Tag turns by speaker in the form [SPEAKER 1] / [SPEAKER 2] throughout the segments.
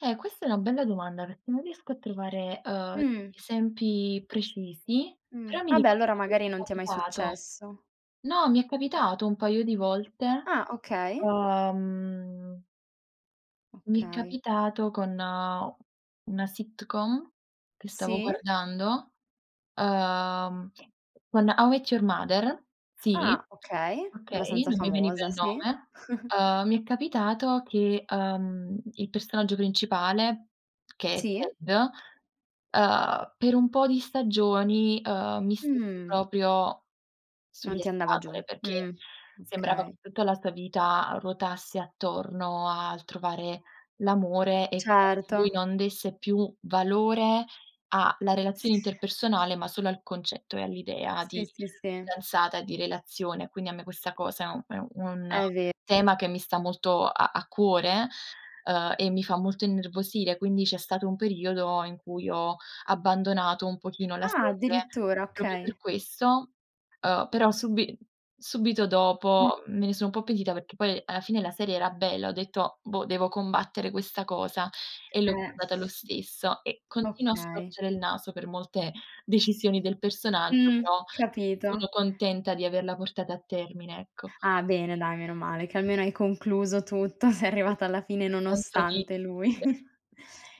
[SPEAKER 1] Eh questa è una bella domanda, perché non riesco a trovare, uhm,
[SPEAKER 2] Mh.
[SPEAKER 1] esempi precisi,
[SPEAKER 2] Mh.
[SPEAKER 1] però mi
[SPEAKER 2] Vabbè,
[SPEAKER 1] ricordo
[SPEAKER 2] allora
[SPEAKER 1] che mi
[SPEAKER 2] magari
[SPEAKER 1] è
[SPEAKER 2] non ti è mai
[SPEAKER 1] capitato.
[SPEAKER 2] successo.
[SPEAKER 1] No, mi è capitato un paio di volte.
[SPEAKER 2] Ah okay.
[SPEAKER 1] Uhm Mi è
[SPEAKER 2] Okay.
[SPEAKER 1] capitato con una sitcom che stavo
[SPEAKER 2] Sì.
[SPEAKER 1] guardando, uhm, con "How Met Your Mother", sì,
[SPEAKER 2] Ah okay,
[SPEAKER 1] okay,
[SPEAKER 2] abbastanza
[SPEAKER 1] non mi veniva
[SPEAKER 2] famosa,
[SPEAKER 1] il
[SPEAKER 2] sì.
[SPEAKER 1] nome. Uhm, mi è capitato che, uhm, il personaggio principale, che è
[SPEAKER 2] Sì.
[SPEAKER 1] Ted, uhm, per un po' di stagioni, uhm, mi stesse
[SPEAKER 2] Mh.
[SPEAKER 1] proprio
[SPEAKER 2] Non
[SPEAKER 1] sulle
[SPEAKER 2] ti andava giù.
[SPEAKER 1] scatole, perché
[SPEAKER 2] Mh.
[SPEAKER 1] sembrava che
[SPEAKER 2] Okay.
[SPEAKER 1] tutta la sua vita ruotasse attorno al trovare l'amore e [unintelligible] lui
[SPEAKER 2] Certo.
[SPEAKER 1] non desse più valore a la relazione interpersonale, ma solo al concetto e all'idea di
[SPEAKER 2] Sì, sì, sì.
[SPEAKER 1] fidanzata e di relazione. Quindi a me questa cosa è un è u un
[SPEAKER 2] È ve
[SPEAKER 1] tema che mi sta molto a a cuore, uhm, e mi fa molto innervosire, quindi c'è stato un periodo in cui ho abbandonato un pochino la
[SPEAKER 2] Ah
[SPEAKER 1] serie
[SPEAKER 2] addirittura,
[SPEAKER 1] proprio
[SPEAKER 2] okay.
[SPEAKER 1] per questo, uhm, però subi subito
[SPEAKER 2] Mh.
[SPEAKER 1] dopo me ne sò un po' pentita, perché poi alla fine la serie era bella, ho detto: "Boh, devo combattere questa cosa" e l'ho
[SPEAKER 2] Eh.
[SPEAKER 1] guardata lo stesso e continuo a
[SPEAKER 2] Okay.
[SPEAKER 1] storcere il naso per molte decisioni del personaggio,
[SPEAKER 2] Mh.
[SPEAKER 1] però
[SPEAKER 2] Capito.
[SPEAKER 1] sono contenta di averla portata a termine, ecco.
[SPEAKER 2] Ah bene dai, meno male che almeno hai concluso tutto, sei
[SPEAKER 1] Sì,
[SPEAKER 2] arrivata alla fine
[SPEAKER 1] quel senso di
[SPEAKER 2] nonostante lui.
[SPEAKER 1] [unintelligible]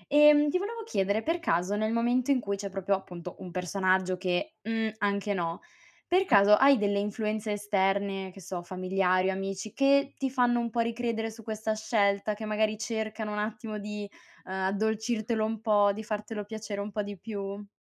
[SPEAKER 2] Ehm, ti volevo chiedere, per caso, nel momento in cui c'è proprio appunto un personaggio che, mhmm, anche no, per caso hai delle influenze esterne, che so, familiari o amici che ti fanno un po' ricredere su questa scelta, che magari cercano un attimo di, uhm, addolcirtelo un po', di fartelo piacere un po' di più?